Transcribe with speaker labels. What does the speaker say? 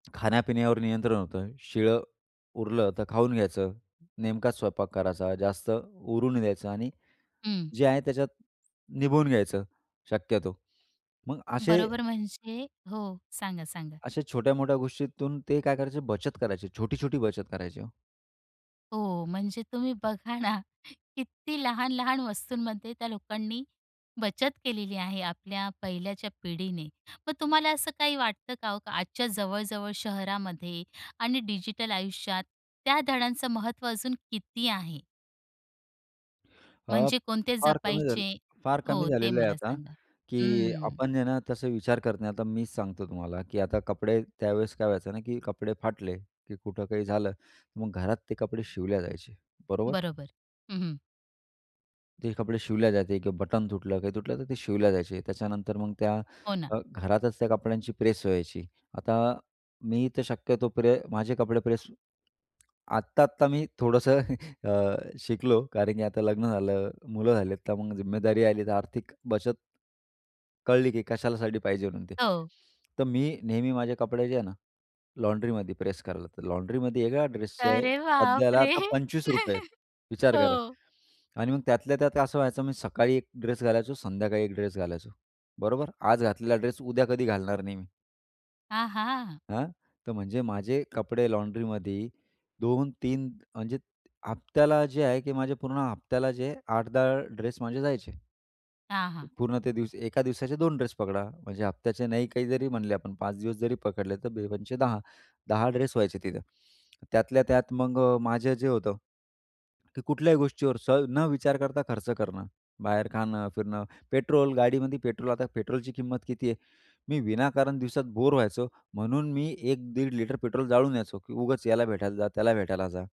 Speaker 1: खाण्यापिण्यावर नियंत्रण होतं. शिळं उरलं तर खाऊन घ्यायचं. नेमकाच स्वयंपाक करायचा. जास्त उरू नाही द्यायचं आणि
Speaker 2: हं.
Speaker 1: जे आहे त्याच्यात निभून घ्यायचं शक्यतो. मग असे
Speaker 2: बरोबर. म्हणजे हो. सांगा, सांगा.
Speaker 1: अशा छोट्या-मोठ्या गोष्टीतून ते काय करायचे? बचत करायचे, छोटी-छोटी बचत करायचे ओ.
Speaker 2: हो. म्हणजे तुम्ही बघा ना, किती लहान-लहान वस्तूंमध्ये त्या लोकांनी बचत केलेली आहे आपल्या पहिल्याच्या पिढीने. मग तुम्हाला असं काही वाटतं का हो, आजच्या जवळ-जवळ शहरामध्ये आणि डिजिटल आयुष्यात त्या धड्यांचं महत्त्व अजून किती आहे?
Speaker 1: अ,
Speaker 2: म्हणजे कोणते
Speaker 1: फार कमी झालं
Speaker 2: जपायचे
Speaker 1: फार कमी
Speaker 2: हो, ते
Speaker 1: झालेलं आहे
Speaker 2: मला
Speaker 1: आता
Speaker 2: सांगा.
Speaker 1: की
Speaker 2: हं.
Speaker 1: आपण आहे ना, तसा विचार करत नाही. आता मीच सांगतो तुम्हाला की आता कपडे, त्यावेळेस काय व्हायचं ना की कपडे फाटले की कुठं काही झालं, तर मग घरात ते कपडे शिवल्या जायचे, बरोबर?
Speaker 2: बरोबर. हं, हं.
Speaker 1: ते कपडे शिवल्या जायचे किंवा बटन तुटलं, काही तुटलं तर ते शिवल्या जायचे. त्याच्यानंतर मग त्या
Speaker 2: हो ना.
Speaker 1: अ, घरातच त्या कपड्यांची प्रेस व्हायची. आता मी तर शक्यतो प्रे माझे कपडे प्रेस आत्ता-आत्ता मी थोडंसं अ, शिकलो, कारण की आता लग्न झालं, मुलं झाली, तर मग जिम्मेदारी आली, तर आर्थिक बचत कळली की कशासाठी पाहिजे म्हणून. ते
Speaker 2: हो.
Speaker 1: तर मी नेहमी माझे कपडे जे आहे ना लॉन्ड्रीमध्ये प्रेस करायला, तर लॉन्ड्रीमध्ये एका ड्रेसचे
Speaker 2: अरे
Speaker 1: सध्याला
Speaker 2: बापरे!
Speaker 1: आता ₹25 आहेत, विचार करा!
Speaker 2: हो.
Speaker 1: आणि मग त्यातल्या त्यात असं व्हायचं, मी सकाळी एक ड्रेस घालायचो, संध्याकाळी एक ड्रेस घालायचो, बरोबर? आज घातलेला ड्रेस उद्या कधी घालणार नाही मी.
Speaker 2: आ हां!
Speaker 1: हां. तर म्हणजे माझे कपडे लॉन्ड्रीमध्ये 2-3 म्हणजे हप्त्याला जे आहे की माझे पूर्ण हप्त्याला जे 8-10 ड्रेस माझे जायचे.
Speaker 2: हां, हां.
Speaker 1: पूर्ण ते एका दिवसाचे 2 ड्रेस पकडा म्हणजे हप्त्याचे नाही, काही जरी म्हणले आपण 5 दिवस जरी पकडले तर बे पंचे 10. 10 ड्रेस व्हायचे तिथं. त्यातल्या त्यात मग अ, माझे जे होतं की कुठल्याही गोष्टीवर स न विचार करता खर्च करणं, बाहेर खाणं, फिरणं, गाडीमध्ये पेट्रोल. आता पेट्रोलची किंमत किती आहे? मी विनाकारण दिवसात बोरे व्हायचो म्हणून मी 1 दीड लिटर पेट्रोल जाळून यायचो की उगाच याला भेटायला जा, त्याला भेटायला जा.